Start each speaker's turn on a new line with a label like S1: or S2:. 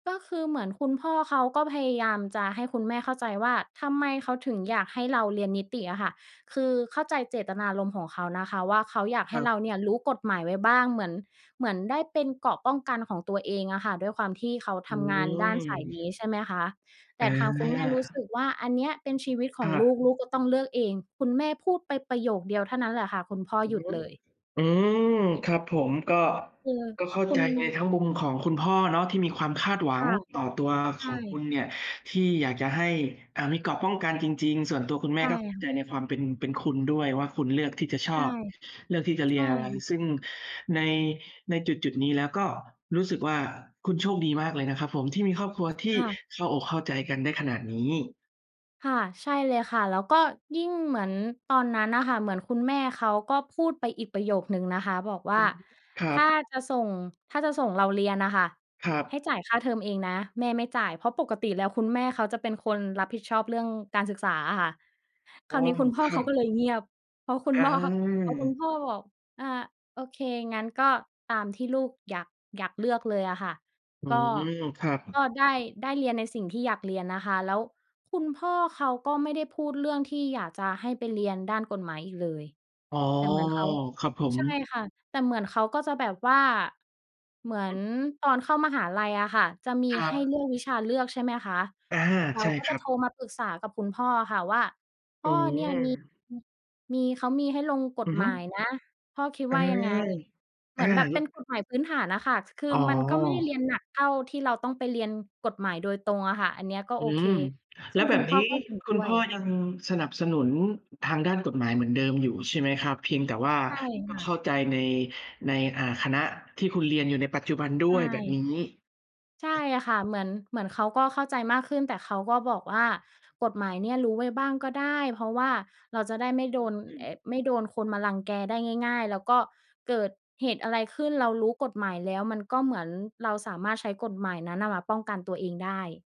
S1: ก็คือเหมือนคุณพ่อเขา ก็พยายามจะให้คุณแม่เข้าใจว่า ทำไมเขาถึงอยากให้เราเรียนนิติอะค่ะ คือเข้าใจเจตนารมณ์ของเขานะคะว่า เขาอยากให
S2: คร
S1: ้
S2: ั
S1: เร
S2: บ
S1: าเนี่ย รู้กฎหมายไว้บ้าง เหมือน เหมือนได้เป็นเกราะป้องกันของตัวเองอะค่ะ ด้วยความที่เขา
S2: อ
S1: ท
S2: ื
S1: ำงานด้านสายน
S2: ม
S1: ี้ ใช่ไหมคะ แต่ทางคุณแม่รู้ส
S2: อา
S1: ึกว่า อันเนี้ยเป็นชีวิตข
S2: ค
S1: อง
S2: ่
S1: ลู
S2: ะ
S1: ก ลูกก็ต้องเลือกเอง คุณแม่พูดไปประโยคเดียวเท่านั้นแหละค่ะ คุณพ่อ
S2: อื
S1: ห
S2: อ
S1: ยุ
S2: ฮ
S1: ด
S2: ึ
S1: เลย
S2: อืม ครับผม ก็
S1: เออ
S2: ก็เข้า
S1: คุ
S2: ใจ
S1: ณ
S2: ทั้งมุมของคุณพ่อเนาะ ที่มีความคาดหว
S1: ค
S2: ัง
S1: ่ะ
S2: ต่อตัว
S1: ใช
S2: ขอ
S1: ่
S2: งคุณเนี่ย ที่อยากจะให้ อ่า มีเกราะป้องกันจริง ๆ ส่วนตัวคุณแ
S1: ใ
S2: ม
S1: ช
S2: ่
S1: ่
S2: ก็เข้า
S1: ค่
S2: ใ
S1: ะ
S2: จในความเป็น เป็นคุณด้วยว่า คุณเลือกที่จะช
S1: ใช่
S2: อบเลือกที่จะเ
S1: ใ
S2: ร
S1: ช
S2: ีย
S1: ่
S2: นอะไร
S1: ค่ะ
S2: ซึ่งใน ในจุด ๆ นี้แล้ว ก็รู้สึกว่า คุณโชคดีมากเลยนะครับผม ที่มีครอบครัว ที่
S1: ค่ะ
S2: เข้าอกเข้าใจกันได้ขนาดนี้
S1: ค่ะ ใช่เลยค่ะ แล้วก็ยิ่งเหมือนตอนนั้นน่ะค่ะ เหมือนคุณแม่เขาก็พูดไปอีกประโยคหนึ่งนะคะ บอกว
S2: อ
S1: ่
S2: ื
S1: า
S2: อฮึ คร
S1: ถ
S2: ับ
S1: ้าจะส่ง ถ้าจะส่งเราเรียนน่ะค่ะ
S2: ครั
S1: ให้
S2: บ
S1: จ่ายค่าเทอมเองนะ แม่ไม่จ่าย เพราะปกติแล้ว คุณแม่เขาจะเป็นคนรับผิดชอบเรื่องการศึกษาอะค่ะ ค
S2: อ
S1: ร
S2: ๋
S1: า
S2: อ
S1: วนี้คุณพ่อ
S2: คร
S1: เ
S2: ั
S1: ขาก
S2: บ
S1: ็เลยเงียบ พอคุณ
S2: อ
S1: พ่อ พอคุณ
S2: า
S1: พ่อบอก อ่า โอเค งั้นก็ตามที่ลูกอยาก อยากเลือกเลยอะค่ะ
S2: อื
S1: ก็
S2: ม ครับ
S1: ก็ได้ ได้เรียนในสิ่งที่อยากเรียนนะคะ แล้วคุณพ่อเขาก็ไม่ได้พูด เรื่องที่อยากจะให้ไปเรียนด้านกฎหมายอีกเลย
S2: อ๋อ
S1: แต่เหมือนเขา
S2: ครับผม
S1: ใช่ค่ะ แต่เหมือนเขาก็จะแบบว่า เหมือนตอนเข้ามหาลัยอะค่ะ จะมี
S2: ครั
S1: ให้
S2: บ
S1: เลือกวิชาเลือก ใช่ไหมคะ
S2: อา
S1: เรา
S2: ใช่
S1: ก็
S2: ค
S1: จะ
S2: รั
S1: โ
S2: บ
S1: ทรมาปรึกษากับคุณพ่ออะค่ะว่า พ
S2: อ
S1: ่
S2: ื
S1: อเนี่ยมี
S2: ม
S1: มี เขามีให้ลงก
S2: อ
S1: ฎ
S2: ือฮ
S1: หม
S2: ึ
S1: ายนะ พ่อคิด
S2: อา
S1: ว่ายังไง? เห
S2: อ
S1: ม
S2: า
S1: ือนแบบเป็
S2: ล
S1: นกฎหมายพื้นฐานอะค่ะ คือ
S2: อ๋อ
S1: มันก็ไม่ได้เรียนหนัก เท่าที่เราต้องไปเรียนกฎหมายโดยตรงอะค่ะ อันเนี้ยก็
S2: อื
S1: โอเค
S2: ม
S1: ซ
S2: แล
S1: ึ
S2: ้
S1: ่
S2: ว
S1: ง
S2: แ
S1: ค
S2: บ
S1: ุณ
S2: บ
S1: พ
S2: น
S1: ่
S2: ี
S1: อ
S2: ้
S1: ก็เห็น
S2: คุ
S1: ด้
S2: ณ
S1: ว
S2: พ
S1: ย
S2: ่อยังสนับสนุนทางด้านกฎหมายเหมือนเดิมอยู่ ใช่ไหมครับ? เพียงแต่ว่า
S1: ใช่
S2: ต
S1: ค
S2: ้อง
S1: ่ะ
S2: เข้าใจใน ใน อ่า คณะที่คุณเรียนอยู่ในปัจจุบันด
S1: ใช
S2: ้วยแบบ
S1: ่
S2: นี้
S1: ใช่ค่ะ เหมือน เหมือนเขาก็เข้าใจมากขึ้น แต่เขาก็บอกว่ากฎหมายเนี่ย รู้ไว้บ้างก็ได้ เพราะว่าเราจะได้ไม่โดน
S2: อื
S1: อ
S2: ม
S1: ไม่โดนคนมารังแกได้ง่าย ๆ แล้วก็เกิดเหตุอะไรขึ้น เรารู้กฎหมายแล้ว มันก็เหมือนเราสามารถใช้กฎหมายนั้นน่ะ มาป้องกันตัวเองได้